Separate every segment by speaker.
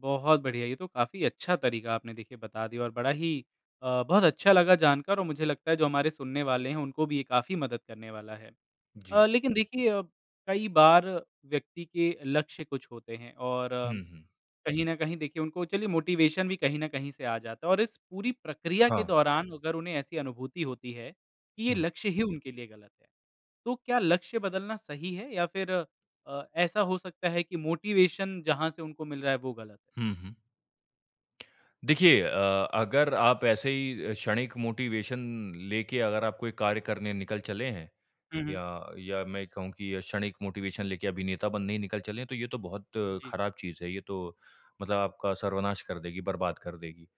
Speaker 1: बहुत बढ़िया। ये तो काफ़ी अच्छा तरीका आपने, देखिए, बता दिया और बड़ा ही अ, बहुत अच्छा लगा जानकर और मुझे लगता है, जो हमारे सुनने वाले हैं, उनको भी ये काफ़ी मदद करने वाला है।
Speaker 2: जी।
Speaker 1: अ, लेकिन देखिए अ, कई बार व्यक्ति के लक्ष्य कुछ होते हैं, और
Speaker 2: हुँ, हुँ।
Speaker 1: कहीं न कहीं देखिए, उनको चलिए मोटिवेशन भी कहीं न कहीं से आ जाता है और इस पूरी प्रक्रिया के
Speaker 2: हाँ।
Speaker 1: दौरान, अगर उन्हें ऐसी अनुभूति होती है कि ये
Speaker 2: हुँ।
Speaker 1: लक्ष्य ही उनके लिए गलत है, तो क्या लक्ष्य बदलना सही है, या फिर अ, ऐसा हो सकता है कि मोटिवेशन जहाँ से उनको मिल रहा है, वो गलत है?
Speaker 2: हुँ, हुँ। देखिए अ, अगर आप ऐसे ही अ, क्षणिक मोटिवेशन लेके, अगर आप कोई कार्य करने निकल चले हैं,
Speaker 1: हुँ, हुँ।
Speaker 2: या या मैं कहूँ कि क्षणिक मोटिवेशन लेके अभिनेता बनने ही निकल चले हैं, तो ये तो बहुत
Speaker 1: जी।
Speaker 2: ख़राब चीज़ है। ये तो मतलब आपका सर्वनाश कर देगी, बर्बाद कर देगी।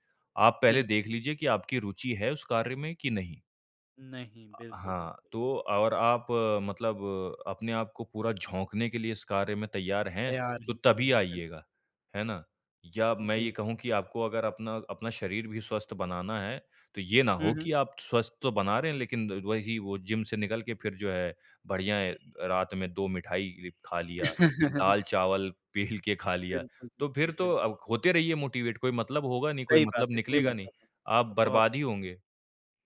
Speaker 2: आप पहले
Speaker 1: बिल
Speaker 2: देख लीजिए कि आपकी रूचि है उस कार्य में, कि नहीं?
Speaker 1: नहीं,
Speaker 2: अ,
Speaker 1: बिल्कुल,
Speaker 2: हाँ,
Speaker 1: बिल्कुल।
Speaker 2: तो और आप मतलब अपने आपको पूरा झोंकने के लिए इस कार्य में तैयार हैं,
Speaker 1: तैयार
Speaker 2: तो
Speaker 1: ही
Speaker 2: तभी
Speaker 1: नहीं, बिल्कुल।
Speaker 2: आइएगा। है ना? या मैं ये
Speaker 1: जी।
Speaker 2: कहूँ कि आपको अगर अपना अपना शरीर भी स्वस्थ बनाना है, तो ये ना
Speaker 1: हुँ,
Speaker 2: हो
Speaker 1: हुँ।
Speaker 2: कि आप स्वस्थ तो बना रहे हैं, लेकिन वही, वो जिम से निकल के फिर जो है, बढ़िया है अ, रात में 2 मिठाई खा लिया। दाल-चावल पेल के खा लिया।
Speaker 1: बिल्कुल,
Speaker 2: तो फिर
Speaker 1: बिल्कुल,
Speaker 2: तो
Speaker 1: बिल
Speaker 2: अब होते रहिए मोटिवेट, कोई मतलब होगा नहीं, कोई
Speaker 1: सही बात
Speaker 2: मतलब
Speaker 1: है, कोई
Speaker 2: निकलेगा नहीं।
Speaker 1: मतलब नहीं। अ,
Speaker 2: आप
Speaker 1: बहुत अच्छा।
Speaker 2: बर्बाद ही होंगे।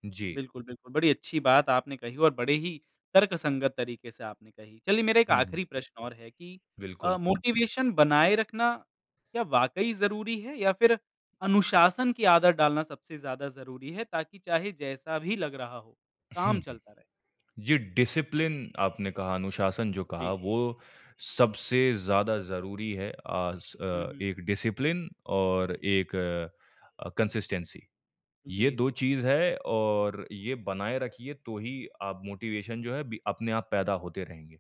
Speaker 2: जी।
Speaker 1: बिल्कुल, बिल्कुल। बड़ी अच्छी बात आपने कही और बड़े ही तर्कसंगत तरीके से आपने कही। चलिए, मेरा एक
Speaker 2: हुँ, हुँ।
Speaker 1: आख़िरी प्रश्न और है कि अ,
Speaker 2: बिल्कुल।
Speaker 1: मोटिवेशन बनाए रखना, क्या वाक़ई ज़रूरी है या फिर अनुशासन की आदत डालना सबसे ज़्यादा ज़रूरी है, ताकि चाहे जैसा भी लग रहा हो,
Speaker 2: हुँ,
Speaker 1: काम
Speaker 2: हुँ।
Speaker 1: चलता रहे?
Speaker 2: जी, डिसिप्लिन, आपने कहा, अनुशासन जो कहा,
Speaker 1: जी।
Speaker 2: वो सबसे ज़्यादा ज़रूरी है, आस
Speaker 1: हुँ,
Speaker 2: अ,
Speaker 1: हुँ।
Speaker 2: एक डिसिप्लिन और एक अ, कंसिस्टेंसी।
Speaker 1: जी,
Speaker 2: ये
Speaker 1: जी,
Speaker 2: 2
Speaker 1: जी।
Speaker 2: चीज़ हैं, और ये बनाए रखिए, तो ही आप, मोटिवेशन जो है अभी, अपने आप पैदा होते रहेंगे।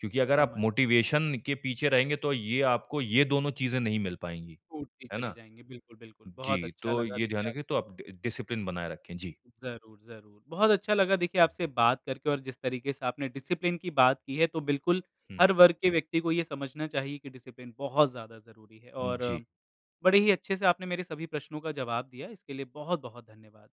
Speaker 2: क्योंकि अगर आप
Speaker 1: समझ
Speaker 2: मोटिवेशन के पीछे रहेंगे, तो ये आपको ये दोनों चीज़ें नहीं मिल पाएँगी।
Speaker 1: टूटती
Speaker 2: है
Speaker 1: चली
Speaker 2: ना?
Speaker 1: जाएँगी, बिल्कुल, बिल्कुल। बहुत
Speaker 2: जी,
Speaker 1: अच्छा
Speaker 2: तो
Speaker 1: लगा,
Speaker 2: ये ध्यान
Speaker 1: देखिए
Speaker 2: रखें। तो
Speaker 1: आपको
Speaker 2: आप ड डिसिप्लिन बनाए रखें। जी।
Speaker 1: ज़रूर, ज़रूर। बहुत अच्छा लगा, देखिए, आपसे बात करके और जिस तरीके से आपने डिसिप्लिन की बात की है, तो बिल्कुल,
Speaker 2: हुँ।
Speaker 1: हर वर्ग के व्यक्ति को ये समझना चाहिए कि डिसिप्लिन बहुत ज़्यादा ज़रूरी है,
Speaker 2: उ, जी।
Speaker 1: और बड़े ही अच्छे से आपने मेरे सभी प्रश्नों का जवाब दिया, इसके लिए बहुत-बहुत धन्यवाद।